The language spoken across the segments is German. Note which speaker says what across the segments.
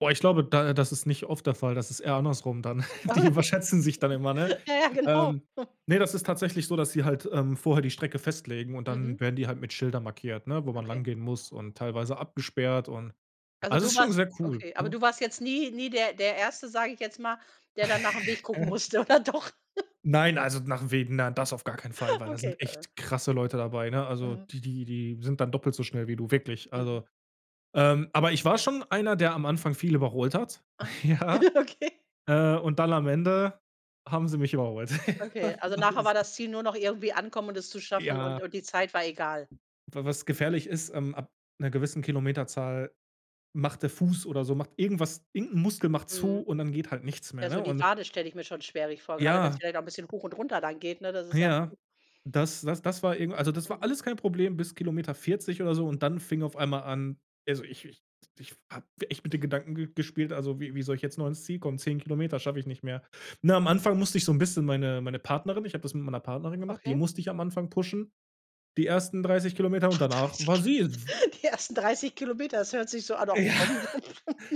Speaker 1: Boah, ich glaube, da äh, das ist nicht oft der Fall, das ist eher andersrum dann. Die überschätzen sich dann immer, ne?
Speaker 2: Ja, ja genau.
Speaker 1: Ähm, ne, das ist tatsächlich so, dass sie halt, ähm, vorher die Strecke festlegen und dann
Speaker 2: Mhm.
Speaker 1: werden die halt mit Schildern markiert, ne, wo man lang
Speaker 2: Okay
Speaker 1: gehen muss und teilweise abgesperrt und
Speaker 2: Also,
Speaker 1: also,
Speaker 2: du
Speaker 1: ist schon
Speaker 2: machst
Speaker 1: sehr cool,
Speaker 2: Okay, aber
Speaker 1: ne?
Speaker 2: du warst jetzt nie nie der der 1., sage ich jetzt mal, der dann nach dem Weg gucken musste, oder doch?
Speaker 1: Nein, also nach Wegen na das auf gar keinen Fall, weil da
Speaker 2: Okay.
Speaker 1: sind echt krasse Leute dabei, ne? Also,
Speaker 2: Mhm.
Speaker 1: die die die sind dann doppelt so schnell wie du, wirklich.
Speaker 2: Mhm.
Speaker 1: Also ähm, aber ich war schon einer, der am Anfang viel überholt hat,
Speaker 2: Ah.
Speaker 1: ja?
Speaker 2: Okay.
Speaker 1: Äh, und dann am Ende haben sie mich überholt. Ja,
Speaker 2: Okay, also
Speaker 1: das
Speaker 2: nachher war
Speaker 1: ist
Speaker 2: das Ziel nur noch irgendwie ankommen und es zu schaffen und
Speaker 1: Ja.
Speaker 2: und die Zeit war egal.
Speaker 1: Wa was gefährlich ist, ähm, ab 'ner gewissen Kilometerzahl macht der Fuß oder so macht irgendwas, irgend 'n Muskel macht zu
Speaker 2: Mhm.
Speaker 1: und dann geht halt nichts mehr,
Speaker 2: Ja,
Speaker 1: ne?
Speaker 2: so die
Speaker 1: Und
Speaker 2: Wade stelle ich mir schon schwerlich vor, gerade wenn es
Speaker 1: Ja.
Speaker 2: vielleicht auch 'n bisschen hoch und runter dann geht, ne? Das ist ja
Speaker 1: Ja, das das das war irgend also das war
Speaker 2: Mhm.
Speaker 1: alles kein Problem bis Kilometer 40 oder so und dann fing auf einmal an also, ich ich ich habe echt mit den Gedanken ge gespielt, also, wie wie soll ich jetzt noch ins Ziel kommen? 10 Kilometer schaffe ich nicht mehr. Na, am Anfang musste ich so 'n bisschen meine meine Partnerin ich habe das mit meiner Partnerin gemacht, die
Speaker 2: Okay.
Speaker 1: musste ich am Anfang pushen, die ersten 30 Kilometer und
Speaker 2: Ah,
Speaker 1: danach
Speaker 2: 30
Speaker 1: war sie, äh, dw
Speaker 2: Kilometer Die ersten 30 Kilometer, das hört sich so an: „Ah doch
Speaker 1: Ja.
Speaker 2: komm.“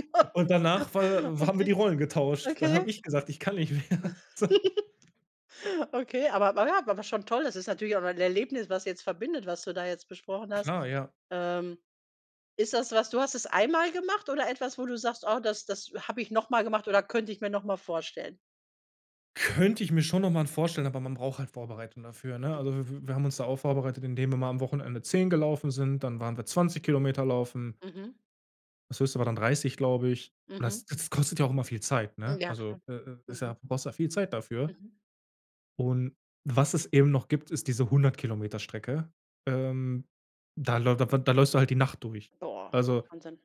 Speaker 1: Und danach war haben wir
Speaker 2: Okay.
Speaker 1: die Rollen getauscht. Dann habe
Speaker 2: Okay.
Speaker 1: ich gesagt: „Ich kann nicht mehr so.“
Speaker 2: Okay, aber, naja aber schon toll. Es ist natürlich auch ein Erlebnis, was jetzt verbindet, was du da jetzt besprochen hast.
Speaker 1: Klar, ja.
Speaker 2: Ähm, ist das was du hast es einmal gemacht oder etwas, wo du sagst: Oh, das das habe ich noch mal gemacht oder könnte ich mir noch mal vorstellen?
Speaker 1: Könnte ich mir schon noch man vorstellen, aber man braucht halt Vorbereitung dafür, ne? Also
Speaker 2: Mhm.
Speaker 1: w w wir haben uns da auch vorbereitet, indem wir mal am Wochenende 10 gelaufen sind, dann waren wir 20 Kilometer laufen
Speaker 2: Mhm.
Speaker 1: das höchste war dann 30, glaube ich.
Speaker 2: Mhm.
Speaker 1: Das das kostet ja auch immer viel Zeit, ne?
Speaker 2: Ja
Speaker 1: Also,
Speaker 2: klar.
Speaker 1: äh, äh, ist
Speaker 2: Mhm.
Speaker 1: ja brauchst ja viel Zeit dafür.
Speaker 2: Mhm.
Speaker 1: Und was es eben noch gibt, ist diese 100- Kilometer-Strecke. Ähm, da läuft wa da läufst du halt die Nacht durch.
Speaker 2: Boah.
Speaker 1: Also
Speaker 2: Wahnsinn.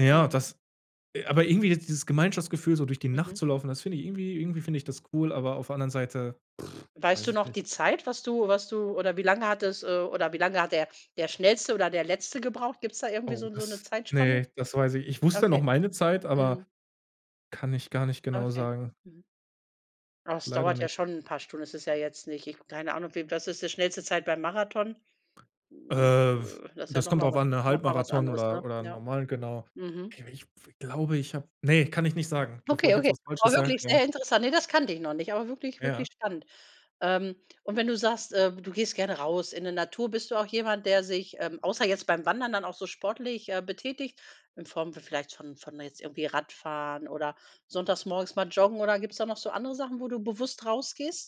Speaker 1: ja,
Speaker 2: Mhm.
Speaker 1: das äh, aber irgendwie ist dieses Gemeinschaftsgefühl, so durch die Nacht
Speaker 2: Mhm.
Speaker 1: zu laufen, das finde ich irgendwie irgendwie finde ich das cool, aber auf der anderen Seite,
Speaker 2: Weißt
Speaker 1: weiß
Speaker 2: du
Speaker 1: ich
Speaker 2: noch
Speaker 1: nicht.
Speaker 2: die Zeit, was du was du oder wie lange hattest äh, oder wie lange hat der der Schnellste oder der Letzte gebraucht? Gibt es da irgendwie
Speaker 1: Oh,
Speaker 2: so so 'ne
Speaker 1: das
Speaker 2: Zeitspanne?
Speaker 1: ne, das weiß ich Ich wusste noch
Speaker 2: Okay.
Speaker 1: meine Zeit, aber
Speaker 2: Mhm.
Speaker 1: kann ich gar nicht genau
Speaker 2: Okay.
Speaker 1: sagen.
Speaker 2: Mhm. Oh, das
Speaker 1: Leider
Speaker 2: dauert ja
Speaker 1: nicht.
Speaker 2: schon 'n paar Stunden, ist es ja jetzt nicht ich keine Ahnung, wie was ist die schnellste Zeit beim Marathon?
Speaker 1: Äh, w
Speaker 2: Das ist ja
Speaker 1: das
Speaker 2: noch
Speaker 1: kommt
Speaker 2: mal
Speaker 1: drauf
Speaker 2: was
Speaker 1: an, ne,
Speaker 2: noch mal was
Speaker 1: Halbmarathon
Speaker 2: anderes, ne?
Speaker 1: oder oder 'n
Speaker 2: Ja.
Speaker 1: Normal genau.
Speaker 2: Mhm.
Speaker 1: Ich ich glaube, ich habe ne, kann ich nicht sagen, bevor ich
Speaker 2: Okay,
Speaker 1: jetzt
Speaker 2: okay.
Speaker 1: was
Speaker 2: War
Speaker 1: Falsches sage,
Speaker 2: wirklich
Speaker 1: ja.
Speaker 2: sehr interessant. Ne, das kannte ich noch nicht, aber wirklich,
Speaker 1: Ja.
Speaker 2: wirklich spannend. Ähm. Und wenn du sagst, äh, du gehst gerne raus in 'ne Natur, bist du auch jemand, der sich, ähm, außer jetzt beim Wandern dann auch so sportlich, äh, betätigt, in Form vielleicht von von jetzt irgendwie Radfahren oder sonntags morgens mal joggen oder gibt's da noch so andere Sachen, wo du bewusst rausgehst?